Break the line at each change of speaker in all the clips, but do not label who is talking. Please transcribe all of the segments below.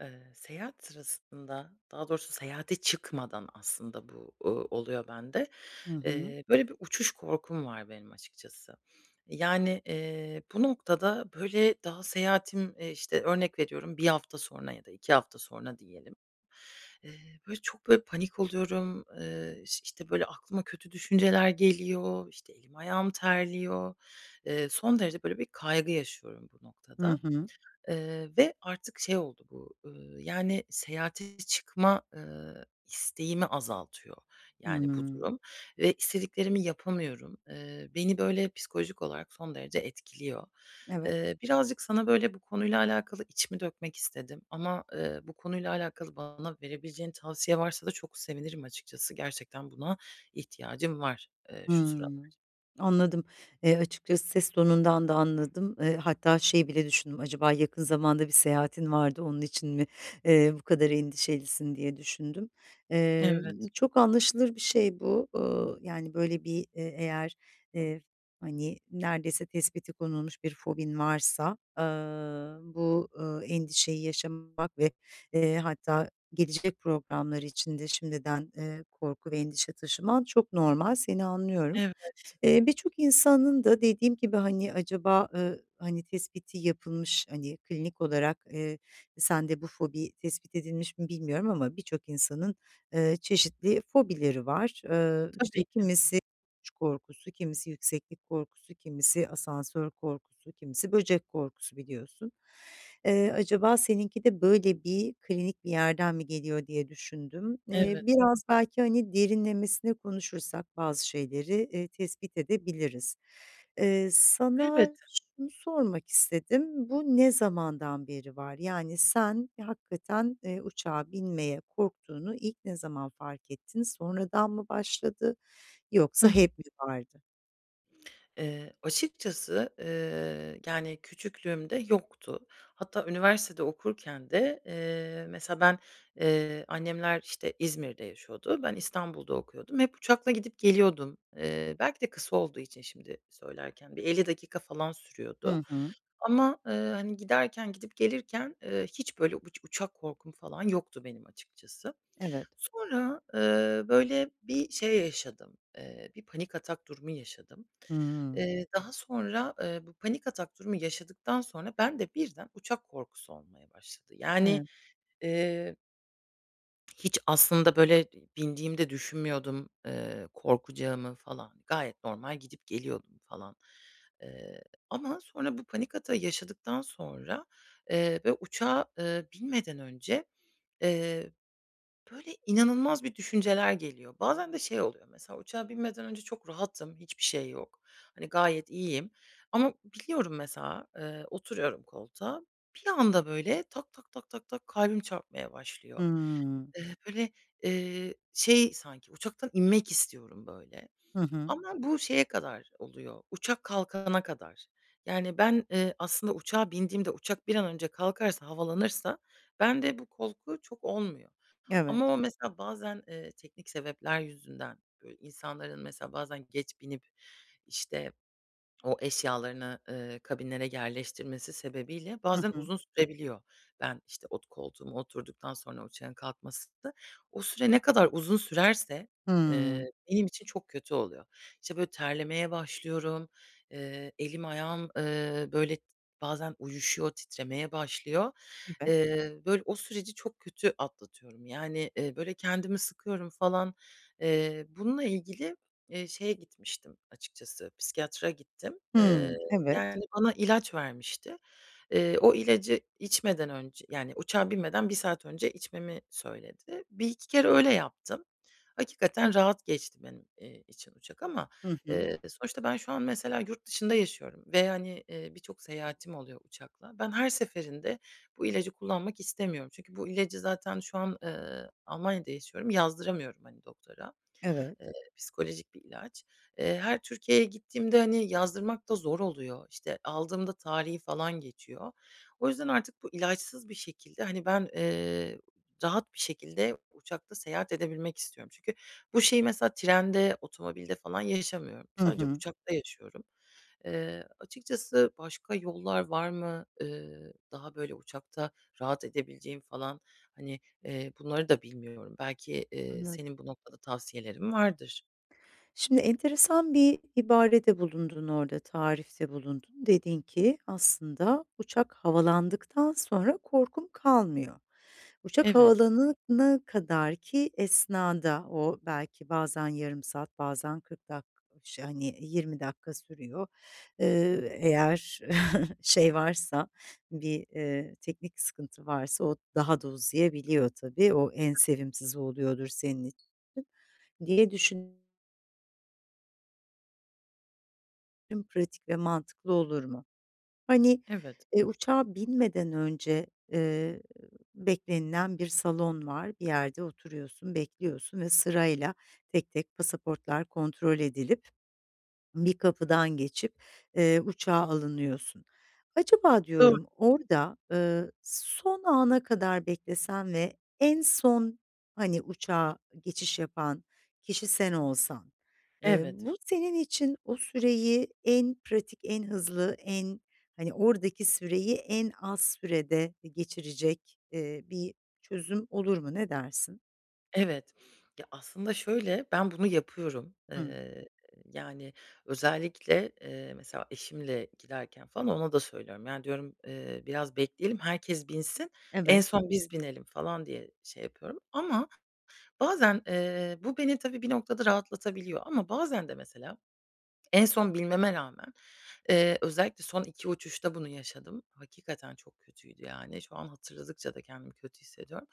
Eee, seyahat sırasında daha doğrusu seyahate çıkmadan aslında bu, uuu, oluyor bende.
Hı hı.
Eee, böyle bir uçuş korkum var benim açıkçası. Yani, eee, bu noktada, böyle, daha seyahatim, eee, işte, örnek veriyorum 1 hafta sonra ya da 2 hafta sonra diyelim. Eee, böyle çok, böyle, panik oluyorum, eee, iş işte, böyle aklıma kötü düşünceler geliyor, işte, elim ayağım terliyor. Eee, son derece, böyle, bir kaygı yaşıyorum bu
Hı
noktada.
hı.
Eee, ve artık şey oldu bu, ııı, yani, seyahate çıkma, ııı, isteğimi azaltıyor, yani, bu
Hıı.
durum ve istediklerimi yapamıyorum. Eee, beni, böyle, psikolojik olarak son derece etkiliyor.
Evet.
Eee, birazcık sana, böyle, bu konuyla alakalı içimi dökmek istedim ama, ııı, bu konuyla alakalı bana verebileceğin tavsiye varsa da çok sevinirim açıkçası. Gerçekten buna ihtiyacım var, eee, şu sıralar.
Hımm, anladım. Eee, açıkçası ses tonundan da anladım. Eee, hatta şey bile düşündüm, "Acaba yakın zamanda bir seyahatin var da onun için mi, eee, bu kadar endişelisin?" diye düşündüm. Eee,
Evet.
çok anlaşılır bir şey bu, ııı, yani, böyle bir e eğer, eee, hani neredeyse tespiti konulmuş bir fobin varsa, ııı, bu, ııı, endişeyi yaşamak ve, eee, hatta gelecek programlar için de şimdiden, eee, korku ve endişe taşıman çok normal, seni anlıyorum.
Evet.
Eee, birçok insanın da dediğim gibi hani acaba, ııı, hani, tespiti yapılmış, hani, klinik olarak, eee, sende bu fobi tespit edilmiş mi, bilmiyorum ama birçok insanın, ııı, çeşitli fobileri var. Iıı, işte,
Tabii ki.
kimisi uçuş korkusu, kimisi yükseklik korkusu, kimisi asansör korkusu, kimisi böcek korkusu biliyorsun. Eee, acaba seninki de böyle bir klinik bir yerden mi geliyor diye düşündüm. Eee,
Evet.
biraz belki, hani, derinlemesine konuşursak bazı şeyleri, iii, tespit edebiliriz. Eee, sana
Elbette.
şunu sormak istedim: Bu ne zamandan beri var? Yani sen hakikaten, eee, uçağa binmeye korktuğunu ilk ne zaman fark ettin? Sonradan mı başladı
Hı
yoksa
hı.
hep mi vardı?
Eee, açıkçası, eee, yani küçüklüğümde yoktu. Hatta üniversitede okurken de, eee, mesela ben, eee, annemler, işte, İzmir'de yaşıyordu, ben İstanbul'da okuyordum, hep uçakla gidip geliyordum. Eee, belki de kısa olduğu için şimdi söylerken bir 50 dakika falan sürüyordu.
Hı hı.
Ama, ııı, hani, giderken gidip gelirken, eee, hiç böyle uç uçak korkum falan yoktu benim açıkçası.
Evet.
Sonra, ııı, böyle, bir şey yaşadım, eee, bir panik atak durumu yaşadım.
Hımm.
Eee, daha sonra, eee, bu panik atak durumu yaşadıktan sonra bende birden uçak korkusu olmaya başladı. Yani,
Evet.
eee Hiç aslında, böyle, bi bindiğimde düşünmüyordum, eee, korkacağımı falan. Gayet normal gidip geliyordum falan. Eee, ama sonra bu panik atağı yaşadıktan sonra, eee, ve uçağa, eee, binmeden önce, eee, böyle, inanılmaz bir düşünceler geliyor. Bazen de şey oluyor, mesela uçağa binmeden önce çok rahatım, hiçbir şey yok. Hani, gayet iyiyim ama biniyorum mesela, eee, oturuyorum koltuğa, bir anda, böyle, tak tak tak tak kalbim çarpmaya başlıyor.
Hımm.
Eee, böyle, eee, şey, sanki uçaktan inmek istiyorum, böyle,
Hı hı.
ama bu şeye kadar oluyor, uçak kalkana kadar. Yani, ben, eee, aslında uçağa bindiğimde uçak bir an önce kalkarsa havalanırsa bende bu korku çok olmuyor.
Evet.
Ama o mesela bazen, eee, teknik sebepler yüzünden, böyle, insanların mesela bazen geç binip, işte, o eşyalarını, ııı, kabinlere yerleştirmesi sebebiyle
Hı
bazen
hı.
uzun sürebiliyor. Ben, işte, ot koltuğuma oturduktan sonra uçağın kalkmasında o süre ne kadar uzun sürerse, eee,
Hımm.
benim için çok kötü oluyor. İşte, böyle, terlemeye başlıyorum, eee, elim, ayağım, ııı, böyle, t bazen uyuşuyor, titremeye başlıyor.
Evet.
Eee, böyle, o süreci çok kötü atlatıyorum. Yani, eee, böyle, kendimi sıkıyorum falan, eee, bununla ilgili eee, şeye gitmiştim açıkçası, psikiyatra gittim. Eee,
Hımm, evet.
yani, bana ilaç vermişti. Eee, o ilacı içmeden önce yani uçağa binmeden 1 saat önce içmemi söyledi. 1-2 kere öyle yaptım. Hakikaten rahat geçti benim, eee, için uçak ama,
Hı hı.
eee, sonuçta ben şu an mesela yurtdışında yaşıyorum ve, hani, eee, birçok seyahatim oluyor uçakla. Ben her seferinde bu ilacı kullanmak istemiyorum. Çünkü bu ilacı zaten şu an, ııı, Almanya'da yaşıyorum, yazdıramıyorum, hani, doktora.
Evet.
Eee, psikolojik bir ilaç. Eee, her Türkiye'ye gittiğimde, hani, yazdırmak da zor oluyor. İşte, aldığımda tarihi falan geçiyor. O yüzden artık bu ilaçsız bir şekilde, hani, ben, eee, rahat bir şekilde uçakta seyahat edebilmek istiyorum. Çünkü bu şeyi, mesela trende, otomobilde falan yaşamıyorum.
Hı
Sadece
hı.
uçakta yaşıyorum. Eee, açıkçası başka yollar var mı, eee, daha, böyle, uçakta rahat edebileceğim falan, hani, eee, bunları da bilmiyorum. Belki, eee,
Anladım.
senin bu noktada tavsiyelerin vardır.
Şimdi enteresan bir ibarede bulundun orada, tarifte bulundun. Dedin ki aslında uçak havalandıktan sonra korkun kalmıyor. Uçak
Evet.
havalanana kadarki esnada; o belki bazen yarım saat, bazen 40 dak o ş hani, 20 dakika sürüyor. Eee, ııı, eğer şey varsa bir, eee, teknik sıkıntı varsa o daha da uzayabiliyor tabii, o en
Tabii.
sevimsizi oluyordur senin i diye düşün Tım pratik ve mantıklı olur mu? Hani,
Evet.
eee, uçağa binmeden önce, eee, beklenilen bir salon var. Bir yerde oturuyorsun, bekliyorsun ve sırayla tek tek pasaportlar kontrol edilip bir kapıdan geçip, eee, uçağa alınıyorsun. Acaba
Doğ
diyorum, orada, ııı, son ana kadar beklesen ve en son, hani, uçağa geçiş yapan kişi sen olsan, eee,
Evet.
bu senin için o süreyi en pratik, en hızlı, en hani, oradaki süreyi en az sürede e geçirecek, eee, bir çözüm olur mu? Ne dersin?
Evet, ya aslında şöyle, ben bunu yapıyorum.
Hımm.
Eee, yani, özellikle, eee, mesela eşimle giderken falan ona da söylüyorum, yani, diyorum, eee, biraz bekleyelim herkes binsin, en
Evet.
son biz binelim falan diye şey yapıyorum. Ama bazen, eee, bu beni tabii bir noktada rahatlatabiliyor. Ama bazen de mesela en son binmeme rağmen, eee, özellikle son 2 uçuşta bunu yaşadım. Hakikaten çok kötüydü yani. Şu an hatırladıkça da kendimi kötü hissediyorum.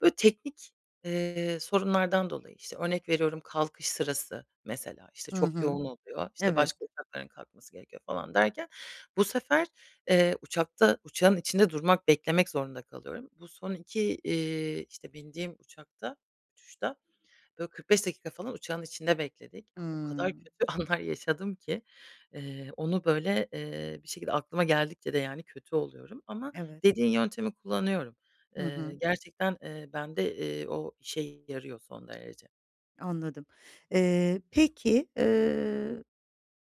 Böyle teknik, eee, sorunlardan dolayı, işte, örnek veriyorum kalkış sırası mesela, işte,
Hı
çok
hı.
yoğun oluyor, işte, başka
Evet.
uçakların kalkması gerekiyor falan derken bu sefer, eee, uçakta uçağın içinde durmak beklemek zorunda kalıyorum. Bu son 2, iii, işte, bindiğim uçakta, uçuşta böyle 45 dakika falan uçağın içinde bekledik. Ya o kadar
Hımm.
kötü anlar yaşadım ki, eee, onu, böyle, eee, bir şekilde aklıma geldikçe de, yani, kötü oluyorum ama
Evet.
dediğin yöntemi kullanıyorum.
Hı
Eee,
hı.
gerçekten, eee, bende, eee, o işe yarıyor son derece.
Anladım. Eee, peki, ııı,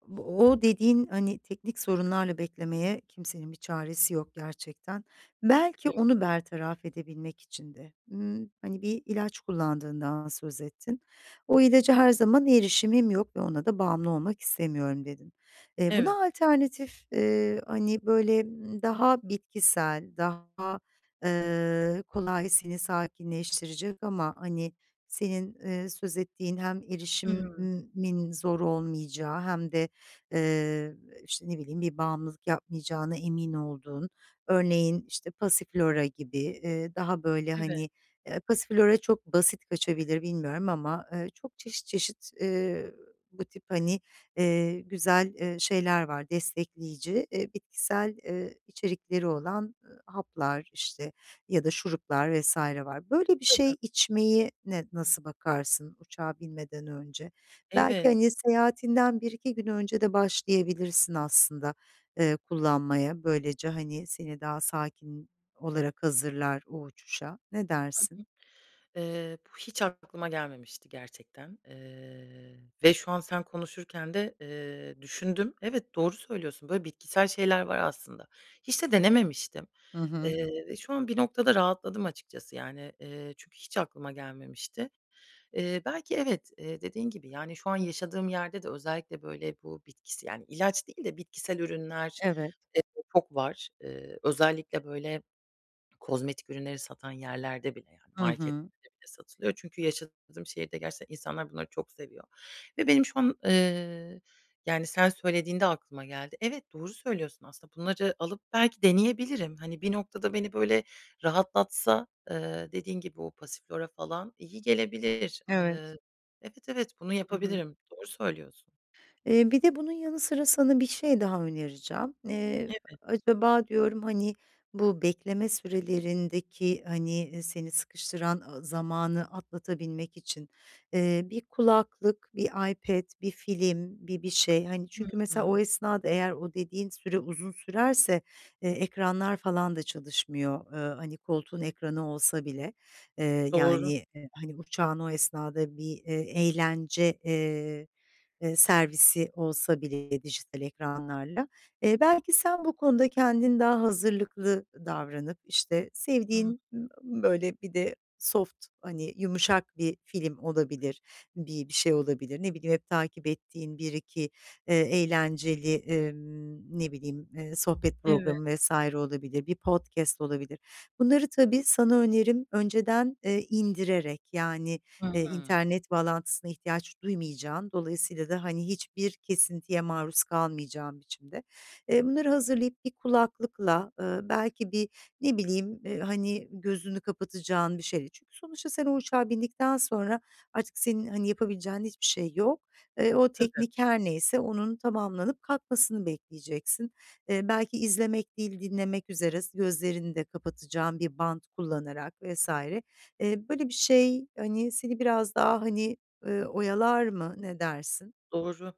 bu o dediğin, hani, teknik sorunlarla beklemeye kimsenin bir çaresi yok gerçekten. Belki
Evet.
onu bertaraf edebilmek için de, ımm, hani, bir ilaç kullandığından söz ettin. "O ilaca her zaman erişimim yok ve ona da bağımlı olmak istemiyorum." dedin. Eee,
Evet.
buna alternatif, eee, hani, böyle, ımm, daha bitkisel, daha, eee, kolay seni sakinleştirecek ama hani, senin, eee, söz ettiğin hem
Hıı.
erişimin zor olmayacağı hem de, ııı, işte, ne bileyim, bir bağımlılık yapmayacağına emin olduğun, örneğin, işte, passiflora gibi, eee, daha böyle,
Evet.
hani, eee, passiflora çok basit kaçabilir bilmiyorum ama, ııı, çok çeşit çeşit, eee, bu tip, hani, eee, güzel, eee, şeyler var destekleyici, eee, bitkisel, ııı, içerikleri olan, ııı, haplar, işte, ya da şuruplar vs. var. Böyle bir
Tabii.
şey içmeye ne nasıl bakarsın uçağa binmeden önce? Belki
Evet.
hani, seyahatinden 1-2 gün önce de başlayabilirsin aslında, eee, kullanmaya. Böylece hani, seni daha sakin olarak hazırlar o uçuşa, ne
Hı hı.
dersin?
Eee, bu hiç aklıma gelmemişti gerçekten, eee, ve şu an sen konuşurken de, eee, düşündüm. Evet, doğru söylüyorsun, böyle bitkisel şeyler var aslında. Hiç de denememiştim,
Hı hı.
eee, ve şu an bir noktada rahatladım açıkçası, yani, eee, çünkü hiç aklıma gelmemişti. Eee, belki evet, eee, dediğin gibi, yani, şu an yaşadığım yerde de özellikle böyle bu bitkisi yani, ilaç değil de bitkisel ürünler,
Evet.
eee, çok var. Eee, özellikle böyle kozmetik ürünleri satan yerlerde bile, yani,
Hı hı.
marketlerde bile satılıyor çünkü yaşadığım şehirde gerçekten insanlar bunları çok seviyor ve benim şu an, eee, yani, sen söylediğinde aklıma geldi. Evet, doğru söylüyorsun aslında bunları alıp belki deneyebilirim. Hani, bir noktada beni böyle rahatlatsa, ııı, dediğin gibi o passiflora falan iyi gelebilir,
Evet.
ııı, evet evet bunu
Hı hı.
yapabilirim, doğru söylüyorsun.
Eee, bir de bunun yanı sıra sana bir şey daha önereceğim. Eee,
Evet.
acaba diyorum, hani, bu bekleme sürelerindeki, hani, ııı, seni sıkıştıran, ııı, zamanı atlatabilmek için, eee, bir kulaklık, bir iPad, bir film, bir bir şey, hani, çünkü
Hıı.
mesela o esnada eğer o dediğin süre uzun sürerse, eee, ekranlar falan da çalışmıyor, ııı, hani, koltuğun ekranı olsa bile. Eee,
Doğru.
yani, e, hani, uçağın o esnada bir, eee, eğlence, eee, eee, servisi olsa bile dijital ekranlarla, eee, belki sen bu konuda kendin daha hazırlıklı davranıp, işte,
Hı.
sevdiğin, böyle bir de soft, hani, yumuşak bir film olabilir, bir bir şey olabilir. Ne bileyim, hep takip ettiğin 1-2 eee, eğlenceli, ımm, ne bileyim, eee, sohbet
Evet.
programı vs. olabilir, bir podcast olabilir. Bunları tabii sana önerim önceden, eee, indirerek, yani, eee,
Hıı.
internet bağlantısına ihtiyaç duymayacağın, dolayısıyla da, hani, hiçbir kesintiye maruz kalmayacağın biçimde Eee, bunları hazırlayıp bir kulaklıkla, ııı, belki bir, ne bileyim, eee, hani, gözünü kapatacağın bir şey değil. Çünkü sonuçta sen o uçağa bindikten sonra artık senin hani, yapabileceğin hiçbir şey yok. Eee, o
Tabii.
teknik her neyse onun tamamlanıp kalkmasını bekleyeceksin. Eee, belki izlemek değil, dinlemek üzere, s gözlerini de kapatacağın bir bant kullanarak vs. Eee, böyle bir şey, hani, seni biraz daha, hani, ııı, oyalar mı, ne dersin?
Doğru.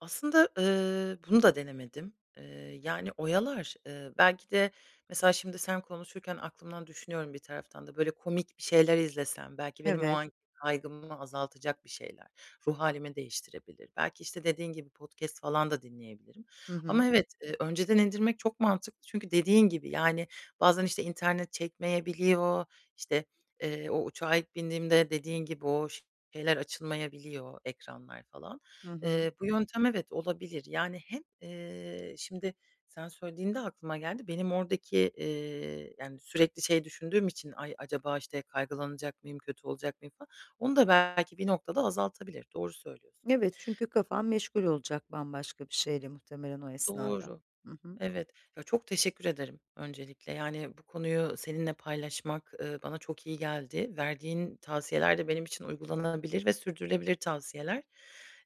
Aslında, ııı, bunu da denemedim. Eee, yani, oyalar, ııı, belki de mesela, şimdi sen konuşurken aklımdan düşünüyorum bir taraftan da böyle komik bir şeyler izlesem, belki benim o
Evet.
anki kaygımı azaltacak bir şeyler. Ruh hâlimi değiştirebilir. Belki işte, dediğin gibi podcast falan da dinleyebilirim,
Hı
ama
hı.
evet, eee, önceden indirmek çok mantıklı. Çünkü dediğin gibi, yani, bazen işte internet çekmeyebiliyor, işte, eee, o uçağa ilk bindiğimde dediğin gibi o şeyler açılmayabiliyor, ekranlar falan.
Hı hı.
Eee, bu yöntem, evet olabilir, yani hem, eee, şimdi sen söylediğinde aklıma geldi, benim oradaki, eee yani sürekli şey düşündüğüm için ay, acaba işte kaygılanacak mıyım, kötü olacak mıyım falan. Onu da belki bir noktada azaltabilir, doğru söylüyorsun.
Evet çünkü kafan meşgul olacak bambaşka bir şeyle muhtemelen o esnada.
Doğru,
Hı hı.
evet. Ya, çok teşekkür ederim öncelikle, yani, bu konuyu seninle paylaşmak, ııı, bana çok iyi geldi. Verdiğin tavsiyeler de benim için uygulanabilir ve sürdürülebilir tavsiyeler.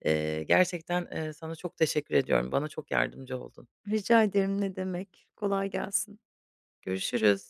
Eee, gerçekten, eee, sana çok teşekkür ediyorum, bana çok yardımcı oldun.
Rica ederim, ne demek. Kolay gelsin.
Görüşürüz.